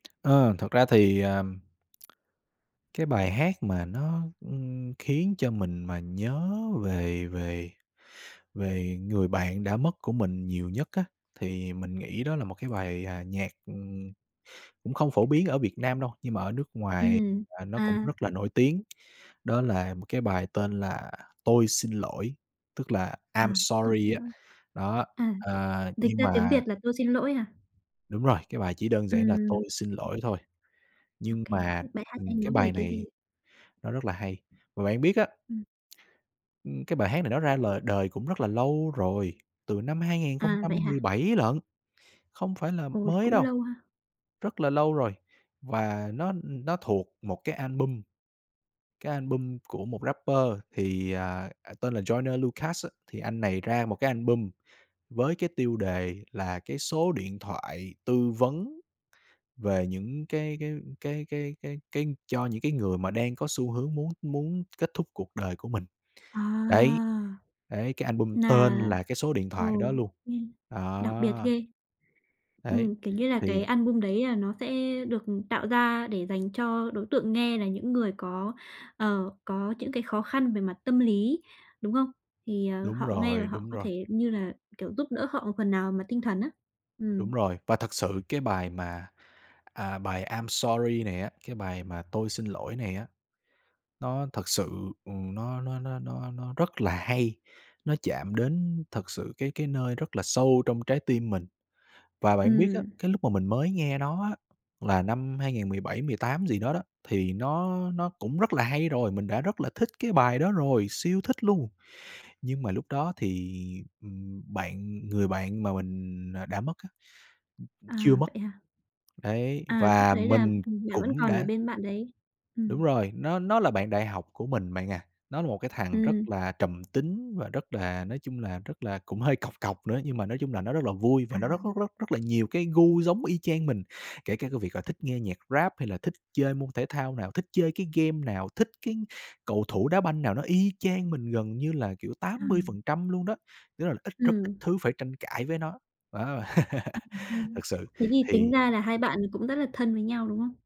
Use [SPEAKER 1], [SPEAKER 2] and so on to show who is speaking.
[SPEAKER 1] Ơ, thật ra thì, ờm, cái bài hát mà nó, ưm, khiến cho mình mà nhớ về về về người bạn đã mất của mình nhiều nhất á, thì mình nghĩ đó là một cái bài, à, nhạc, ừm, cũng không phổ biến ở Việt Nam đâu, nhưng mà ở nước ngoài
[SPEAKER 2] Ừm,
[SPEAKER 1] là nó cũng
[SPEAKER 2] à.
[SPEAKER 1] rất là nổi tiếng, đó là một cái bài tên là "Tôi xin lỗi", tức là
[SPEAKER 2] À,
[SPEAKER 1] "I'm
[SPEAKER 2] "Tôi
[SPEAKER 1] sorry"
[SPEAKER 2] xin
[SPEAKER 1] á.
[SPEAKER 2] lỗi".
[SPEAKER 1] Đó,
[SPEAKER 2] À,
[SPEAKER 1] ờ,
[SPEAKER 2] dịch
[SPEAKER 1] nhưng
[SPEAKER 2] ra tiếng
[SPEAKER 1] mà
[SPEAKER 2] Việt là "Tôi xin lỗi" hả?
[SPEAKER 1] Đúng rồi, cái bài chỉ đơn giản là
[SPEAKER 2] Ừm,
[SPEAKER 1] "Tôi xin
[SPEAKER 2] ừm.
[SPEAKER 1] lỗi" thôi,
[SPEAKER 2] OK,
[SPEAKER 1] nhưng mà,
[SPEAKER 2] thế bài hát này
[SPEAKER 1] ừm, cái
[SPEAKER 2] nói về
[SPEAKER 1] bài
[SPEAKER 2] cái gì?
[SPEAKER 1] này nó rất là hay. Và bạn biết á
[SPEAKER 2] Ừm.
[SPEAKER 1] ưm, cái bài hát này nó ra lời đời cũng rất là lâu rồi, từ năm hai ngàn không
[SPEAKER 2] À,
[SPEAKER 1] trăm
[SPEAKER 2] vậy hả?
[SPEAKER 1] mười bảy lận, không phải là
[SPEAKER 2] Ôi,
[SPEAKER 1] mới
[SPEAKER 2] cũng
[SPEAKER 1] đâu,
[SPEAKER 2] lâu ha.
[SPEAKER 1] rất là lâu rồi. Và nó, ưm, nó thuộc một cái album, cái album của một rapper thì, à, à, tên là Joyner Lucas á. Thì anh này ra một cái album với cái tiêu đề là cái số điện thoại tư vấn về những cái cái cái cái cái cái cho những cái người mà đang có xu hướng muốn muốn kết thúc cuộc đời của mình,
[SPEAKER 2] À.
[SPEAKER 1] đấy, đấy, cái album
[SPEAKER 2] Nà
[SPEAKER 1] tên là cái số điện
[SPEAKER 2] ừ,
[SPEAKER 1] thoại đó luôn.
[SPEAKER 2] ừm, đặc biệt
[SPEAKER 1] Đó.
[SPEAKER 2] ghê.
[SPEAKER 1] Đấy,
[SPEAKER 2] Ừm, kiểu như là, cái
[SPEAKER 1] thì
[SPEAKER 2] album đấy là nó sẽ được, ừm, tạo ra để dành cho đối tượng nghe là những người có, ờ, có những cái khó khăn về mặt tâm lý, đúng không? Thì, ờ,
[SPEAKER 1] Đúng
[SPEAKER 2] họ nghe và
[SPEAKER 1] rồi,
[SPEAKER 2] họ
[SPEAKER 1] đúng
[SPEAKER 2] có
[SPEAKER 1] rồi.
[SPEAKER 2] thể, như là kiểu, giúp đỡ họ một phần nào mà tinh thần á.
[SPEAKER 1] Đúng
[SPEAKER 2] Ừm.
[SPEAKER 1] rồi. Và thật sự cái bài mà, à, bài "I'm sorry" này á, cái bài mà "Tôi xin lỗi" này á, nó thật sự, ừm, nó nó nó nó nó rất là hay, nó chạm đến thật sự cái cái nơi rất là sâu trong trái tim mình. Và bạn biết á,
[SPEAKER 2] Ừm.
[SPEAKER 1] cái lúc mà mình mới nghe nó á, là năm 2017 18 gì đó đó, thì nó nó cũng rất là hay rồi, mình đã rất là thích cái bài đó rồi, siêu thích luôn. Nhưng mà lúc đó thì, ừm, bạn người bạn mà mình, à, đã mất á, ừm, chưa
[SPEAKER 2] À,
[SPEAKER 1] mất.
[SPEAKER 2] vậy hả?
[SPEAKER 1] Đấy,
[SPEAKER 2] À, lúc
[SPEAKER 1] và
[SPEAKER 2] đấy là,
[SPEAKER 1] mình
[SPEAKER 2] ừm, bạn vẫn
[SPEAKER 1] cũng
[SPEAKER 2] còn ở
[SPEAKER 1] đã
[SPEAKER 2] bên bạn đấy. Ừm.
[SPEAKER 1] Đúng rồi, nó nó là bạn đại học của mình bạn à, nó là một cái thằng rất
[SPEAKER 2] Ừm.
[SPEAKER 1] là trầm tính và rất là, nói chung là, rất là cũng hơi cọc cọc nữa, nhưng mà nói chung là nó rất là vui, và
[SPEAKER 2] À.
[SPEAKER 1] nó rất rất rất rất là nhiều cái gu giống y chang mình. Kể cả cái việc là thích nghe nhạc rap hay là thích chơi môn thể thao nào, thích chơi cái game nào, thích cái cầu thủ đá banh nào nó y chang mình gần như là, kiểu, tám mươi
[SPEAKER 2] Ừm.
[SPEAKER 1] phần trăm luôn đó, tức là ít rất ít
[SPEAKER 2] Ừm.
[SPEAKER 1] thứ phải tranh cãi với nó. Wow,
[SPEAKER 2] À, hay ha.
[SPEAKER 1] thật sự,
[SPEAKER 2] Thế thì tính
[SPEAKER 1] thì
[SPEAKER 2] ra là hai bạn cũng rất là thân với nhau, đúng không?